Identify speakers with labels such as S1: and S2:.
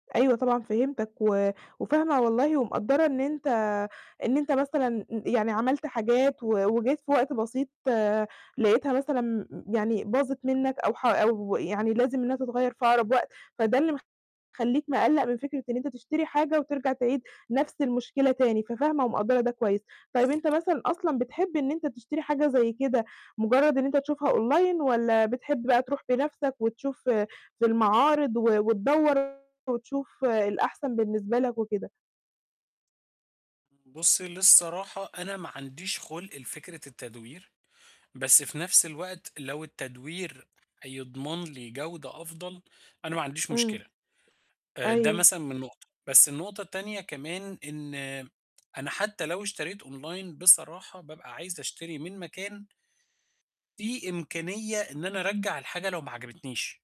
S1: أيوه طبعًا فهمتاك، و وفاهمة والله ومقدرة إن أنت إن أنت مثلًا ي يعني عملت حاجات و وجيت في وقت بسيط لقيتها مثلًا يعني باظت منّك أو ح أو يعني لازم إنّها تتغيّر في أقرب وقت، فده اللي مخلّيك مقلّق من فكرة إن أنت تشتري حاجة وترجع تعيد نفس المشكلة تاني، ففاهمة ومقدرة ده كويّس، طيّب أنت
S2: بالضبط.
S1: مثلًا أصلًا بتحب إن أنت تشتري حاجة زي كده مجرّد إن أنت تشوفها Online والّا بتحب بقى تروح بنَفْسك وتشوف ف في المعارض و وتدور وتشوف الأحسن بالنسبة لك وكده؟
S2: بُصي للصراحة أنا ما عنديش خُلق لفكرة التدوير، بس في نَفْس الوقت لو التدوير هيضمن لي جودة أفضل، أنا ما عنديش
S1: امم،
S2: مشكلة، آآ، ده
S1: أيوه.
S2: مثلًا من نقطة، بس النقطة التانية كمان إن أنا حتّى لو اشتريت Online بصراحة بابقى عايز أشتري من مكان فيه إمكانية إن أنا أرجّع الحاجة لو ما عجبتنيش.